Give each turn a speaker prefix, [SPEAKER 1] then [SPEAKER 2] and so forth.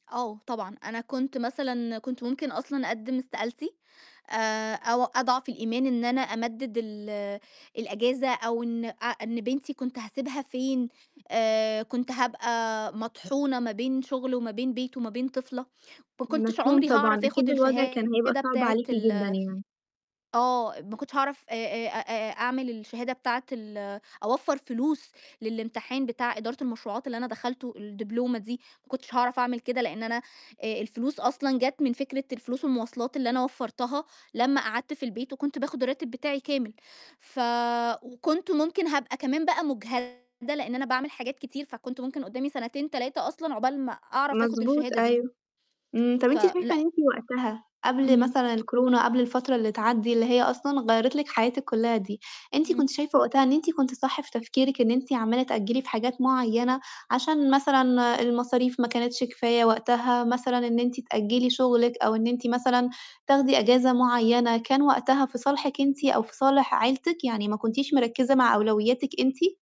[SPEAKER 1] آه، طبعًا. أنا كنت مثلًا كنت ممكن أصلًا أقدّم استقالتي، آآ أو أضعف الإيمان إن أنا أمدد ال الإجازة، أو إن أ إن بنتي كنت هاسبيها فين؟ آآ كنت هابقى مطحونة ما بين شُغل وما بين بِيِت وما بين طفلة، ما كنتش
[SPEAKER 2] مفهوم
[SPEAKER 1] عمري
[SPEAKER 2] طبعًا.
[SPEAKER 1] هاعرف آخُد
[SPEAKER 2] أكيد الوضع كان هيبقى
[SPEAKER 1] الشهادة
[SPEAKER 2] صعب
[SPEAKER 1] بتاعة
[SPEAKER 2] عليكِ
[SPEAKER 1] ال
[SPEAKER 2] جدًا يعني.
[SPEAKER 1] آه، ما كنتش هاعرف آآ آآ أ آآ أعمل الشهادة بتاعة ال أوفّر فلوس للامتحان بتاع إدارة المشروعات اللي أنا دخلته، الدبلومة دي، ما كنتش هاعرف أعمل كده، لأن أنا آآ الفلوس أصلًا جات من فكرة الفلوس والمواصلات اللي أنا وفرتها لمّا قعدت في البيت، وكنت باخد الراتب بتاعي كامل، ف وكنت ممكن هابقى كمان بقى مُجهدة لإن أنا باعمل حاجات كتير، فكنت ممكن قدّامي سنتين، 3 أصلًا عقبال ما أعرف آخُد
[SPEAKER 2] مضبوط،
[SPEAKER 1] الشهادة دي.
[SPEAKER 2] أيوه. إمم. طَب أنتِ شايفة إن
[SPEAKER 1] فلأ.
[SPEAKER 2] أنتِ وقتها قبل
[SPEAKER 1] امم.
[SPEAKER 2] مثلًا الكورونا، قبل الفترة اللي تعدّي، اللي هي أصلًا غيّرِت لِك حياتِك كلّها دي، أنتِ
[SPEAKER 1] امم.
[SPEAKER 2] كنتِ شايفة وقتها إن أنتِ كنتِ صح في تفكيرِك، إن أنتِ عمّالة تأجّلي في حاجات معيّنة، عشان مثلًا المصاريف ما كانتش كفاية وقتها، مثلًا إن أنتِ تأجّلي شغلِك، أو إن أنتِ مثلًا تاخدي إجازة معيّنة، كان وقتها في صالحِك أنت أو في صالح عيلتِك، يعني ما كنتيش مركَزة مع أولوياتِك أنتِ؟